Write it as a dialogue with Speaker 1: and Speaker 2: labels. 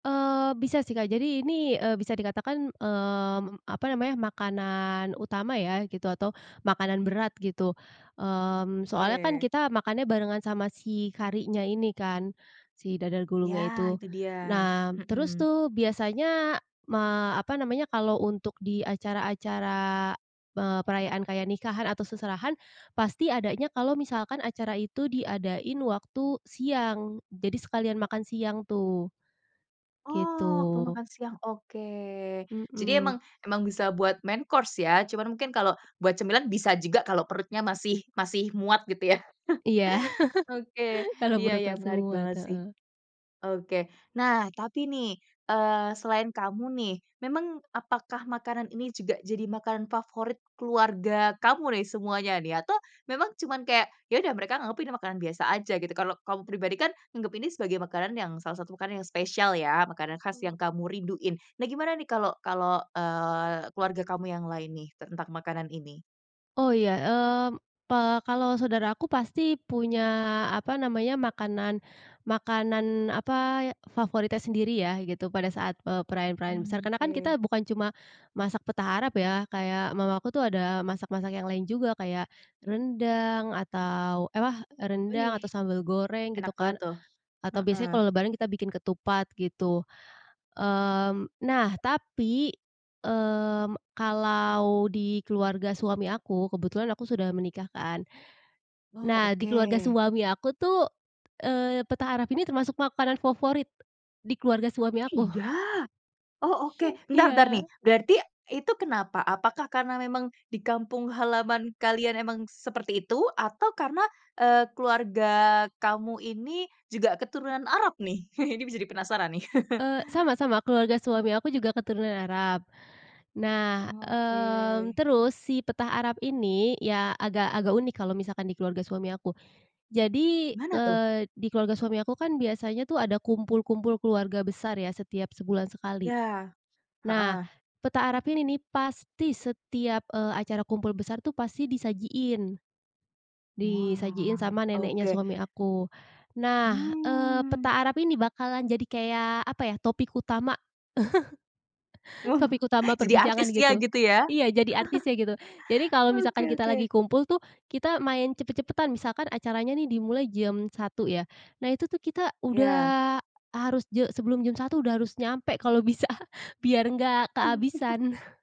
Speaker 1: Eee, bisa sih Kak, jadi ini, eee, bisa dikatakan, mmm, apa namanya, makanan utama ya gitu, atau makanan berat gitu, mmm, soalnya kan
Speaker 2: Oke.
Speaker 1: kita makannya barengan sama si karinya ini kan, si dadar
Speaker 2: Ya
Speaker 1: gulungnya itu.
Speaker 2: itu dia,
Speaker 1: Nah terus
Speaker 2: mhm.
Speaker 1: tuh biasanya ma apa namanya, kalau untuk di acara-acara, eee, perayaan kayak nikahan atau seserahan, pasti adanya kalau misalkan acara itu diadain waktu siang, jadi sekalian makan siang tuh. Gitu.
Speaker 2: Oh waktu makan siang, oke. Jadi
Speaker 1: Mhm.
Speaker 2: emang emang bisa buat main course ya, cuman mungkin kalo buat cemilan bisa juga kalo perutnya masih masih muat gitu ya.
Speaker 1: Iya.
Speaker 2: Oke,
Speaker 1: Kalau
Speaker 2: iya
Speaker 1: perut
Speaker 2: iya
Speaker 1: masih
Speaker 2: menarik
Speaker 1: muat,
Speaker 2: banget sih.
Speaker 1: heeh.
Speaker 2: Oke, nah tapi nih, eee, selain kamu nih, memang apakah makanan ini juga jadi makanan favorit keluarga kamu nih semuanya nih? Atau, memang cuman kayak ya udah mereka anggapnya ini makanan biasa aja gitu, kalau kamu pribadi kan nganggep ini sebagai makanan yang salah satu makanan yang spesial ya, makanan khas yang
Speaker 1: Mmm.
Speaker 2: kamu rinduin. Nah gimana nih kalau kalau, eee, keluarga kamu yang lain nih, tentang makanan ini?
Speaker 1: Oh ya, mmm, pe kalau saudara aku pasti punya apa namanya, makanan makanan apa, favoritnya sendiri ya, gitu pada saat, eee, perayaan-perayaan besar
Speaker 2: Mmm,
Speaker 1: karena kan
Speaker 2: ke.
Speaker 1: kita bukan cuma masak petah arab ya, kayak mama aku tuh ada masak-masak yang lain juga, kayak rendang atau ewah rendang
Speaker 2: Wih.
Speaker 1: atau sambal goreng gitu
Speaker 2: Enak
Speaker 1: kan,
Speaker 2: banget tuh.
Speaker 1: atau biasanya
Speaker 2: Heeh.
Speaker 1: kalau lebaran kita bikin ketupat, gitu. Mmm, nah tapi, mmm, kalau di keluarga suami aku, kebetulan aku sudah menikah kan,
Speaker 2: Oh
Speaker 1: nah di keluarga
Speaker 2: oke.
Speaker 1: suami aku tuh, eee, petah arab ini termasuk makanan favorit, di keluarga suami aku.
Speaker 2: Iga. Oh oke, bentar bentar nih,
Speaker 1: Iya.
Speaker 2: berarti itu kenapa, apakah karena memang di kampung halaman kalian emang seperti itu? Atau karena, eee, keluarga kamu ini juga keturunan Arab nih? Ini bisa jadi penasaran nih.
Speaker 1: Eee, sama sama keluarga suami aku juga keturunan Arab, nah,
Speaker 2: Oh,
Speaker 1: mmm,
Speaker 2: oke.
Speaker 1: terus si petah arab ini ya, agak agak unik kalau misalkan di keluarga suami aku. Jadi,
Speaker 2: Gimana tuh?
Speaker 1: eee, di keluarga suami aku kan biasanya tuh ada kumpul-kumpul keluarga besar ya setiap sebulan sekali.
Speaker 2: Ya.
Speaker 1: Nah,
Speaker 2: Heeh.
Speaker 1: petah arab ini nih pasti setiap, eee, acara kumpul besar tuh pasti disajiin. Disajiin
Speaker 2: Wah.
Speaker 1: sama neneknya
Speaker 2: Oke.
Speaker 1: suami aku, nah, eee,
Speaker 2: Mmm.
Speaker 1: petah arab ini bakalan jadi kayak apa ya, topik utama.
Speaker 2: Oh
Speaker 1: Topik utama
Speaker 2: jadi
Speaker 1: perbincangan
Speaker 2: artisnya
Speaker 1: gitu.
Speaker 2: gitu ya.
Speaker 1: Iya, jadi artisnya gitu. Jadi kalau misalkan
Speaker 2: Oke
Speaker 1: kita lagi
Speaker 2: oke.
Speaker 1: kumpul tuh kita main cepet-cepetan, misalkan acaranya nih dimulai jam 1.00 ya, nah itu tuh kita
Speaker 2: Iya.
Speaker 1: udah harus je sebelum jam 1.00 udah harus nyampe, kalau bisa, biar enggak kehabisan.